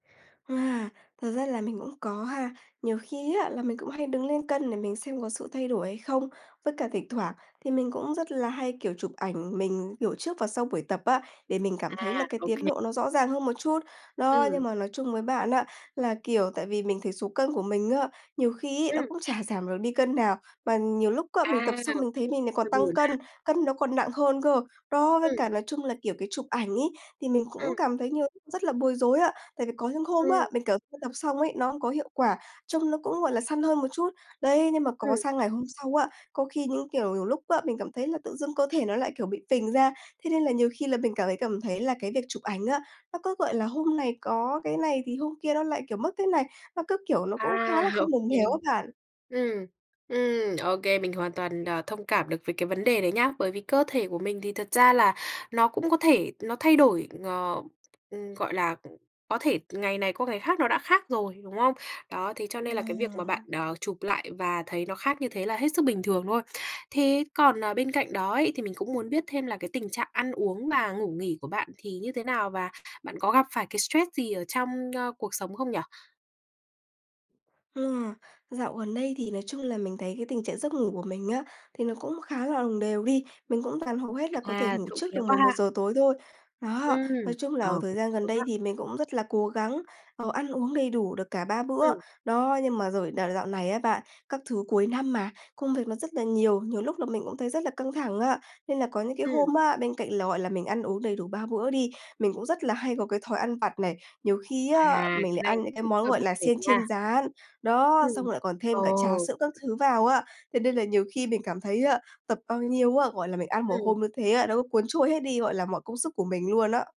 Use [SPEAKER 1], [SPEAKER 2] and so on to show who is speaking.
[SPEAKER 1] À, thật ra là mình cũng có ha. Nhiều khi á, là mình cũng hay đứng lên cân để mình xem có sự thay đổi hay không. Với cả thỉnh thoảng thì mình cũng rất là hay, kiểu, chụp ảnh mình, kiểu, trước và sau buổi tập á, để mình
[SPEAKER 2] À,
[SPEAKER 1] cảm thấy là cái
[SPEAKER 2] ô
[SPEAKER 1] tiến
[SPEAKER 2] kê.
[SPEAKER 1] độ nó rõ ràng hơn một chút. Đó,
[SPEAKER 2] Ừm.
[SPEAKER 1] nhưng mà nói chung với bạn á, là, kiểu, tại vì mình thấy số cân của mình á, nhiều khi ấy nó
[SPEAKER 2] Ừm.
[SPEAKER 1] cũng chả giảm được đi cân nào, mà nhiều lúc á, mình tập
[SPEAKER 2] À,
[SPEAKER 1] xong mình thấy
[SPEAKER 2] cũng
[SPEAKER 1] mình lại
[SPEAKER 2] hơi
[SPEAKER 1] còn tăng
[SPEAKER 2] buồn
[SPEAKER 1] cân,
[SPEAKER 2] ha.
[SPEAKER 1] cân nó còn nặng hơn cơ. Đó, với
[SPEAKER 2] Ừm.
[SPEAKER 1] cả nói chung là, kiểu, cái chụp ảnh ấy, thì mình cũng
[SPEAKER 2] Ừm.
[SPEAKER 1] cảm thấy như rất là bối rối ạ. Tại vì có những hôm
[SPEAKER 2] Ừm.
[SPEAKER 1] á, mình, kiểu, tập xong ấy, nó cũng có hiệu quả, trông nó cũng, gọi là, săn hơn một chút. Đấy, nhưng mà có
[SPEAKER 2] Ừm.
[SPEAKER 1] sang ngày hôm sau á, có khi những kiểu, nhiều lúc á, mình cảm thấy là tự dưng cơ thể nó lại, kiểu, bị phình ra. Thế nên là nhiều khi là mình cảm thấy cảm thấy là cái việc chụp ảnh á, nó cứ, gọi là, hôm này có cái này thì hôm kia nó lại, kiểu, mất cái này, nó cứ kiểu nó cũng khá
[SPEAKER 2] À,
[SPEAKER 1] là
[SPEAKER 2] ô
[SPEAKER 1] không đồng
[SPEAKER 2] kê.
[SPEAKER 1] đều á bạn.
[SPEAKER 2] Ừm, ừm, ô kê. Mình hoàn toàn, à, thông cảm được với cái vấn đề đấy nhá, bởi vì cơ thể của mình thì thật ra là nó cũng có thể nó thay đổi ng ừm, gọi là, có thể ngày này qua ngày khác nó đã khác rồi, đúng không? Đó, thế cho nên là cái việc mà
[SPEAKER 1] À.
[SPEAKER 2] bạn, ờ, chụp lại và thấy nó khác như thế là hết sức bình thường thôi. Thế còn, ờ, bên cạnh đó ấy, thì mình cũng muốn biết thêm là cái tình trạng ăn uống và ngủ nghỉ của bạn thì như thế nào và bạn có gặp phải cái stress gì ở trong, ơ, cuộc sống không nhỉ?
[SPEAKER 1] Ừ. Dạo gần đây thì nói chung là mình thấy cái tình trạng giấc ngủ của mình á, thì nó cũng khá là đồng đều đi. Mình cũng toàn hầu hết là có thể
[SPEAKER 2] À,
[SPEAKER 1] ngủ
[SPEAKER 2] trộm
[SPEAKER 1] trước
[SPEAKER 2] vía
[SPEAKER 1] được
[SPEAKER 2] quá
[SPEAKER 1] mười một
[SPEAKER 2] ha.
[SPEAKER 1] giờ tối thôi. Đó,
[SPEAKER 2] Ừm,
[SPEAKER 1] nói chung là
[SPEAKER 2] ờ,
[SPEAKER 1] ở thời
[SPEAKER 2] cũng
[SPEAKER 1] gian gần
[SPEAKER 2] sớm đó.
[SPEAKER 1] đây thì mình cũng rất là cố gắng, ờ, ăn uống đầy đủ được cả 3 bữa.
[SPEAKER 2] Ừm.
[SPEAKER 1] Đó, nhưng mà rồi nà dạo này á bạn, các thứ cuối năm mà, công việc nó rất là nhiều, nhiều lúc là mình cũng thấy rất là căng thẳng á. Nên là có những cái
[SPEAKER 2] Ừm.
[SPEAKER 1] hôm á, bên cạnh là, gọi là, mình ăn uống đầy đủ 3 bữa đi, mình cũng rất là hay có cái thói ăn vặt này, nhiều khi
[SPEAKER 2] À,
[SPEAKER 1] á, mình
[SPEAKER 2] cái
[SPEAKER 1] lại
[SPEAKER 2] này
[SPEAKER 1] ăn những cái
[SPEAKER 2] cũng
[SPEAKER 1] món,
[SPEAKER 2] hơi
[SPEAKER 1] gọi
[SPEAKER 2] bắt
[SPEAKER 1] là,
[SPEAKER 2] buộc
[SPEAKER 1] xiên
[SPEAKER 2] nha.
[SPEAKER 1] chiên rán. Đó, xong
[SPEAKER 2] Ừm,
[SPEAKER 1] lại còn
[SPEAKER 2] ờ.
[SPEAKER 1] thêm cả trà sữa các thứ vào á. Thế nên là nhiều khi mình cảm thấy á, tập bao nhiêu á, gọi là, mình ăn một
[SPEAKER 2] Ừm.
[SPEAKER 1] hôm như thế á, nó có cuốn trôi hết đi, gọi là, mọi công sức của mình luôn á.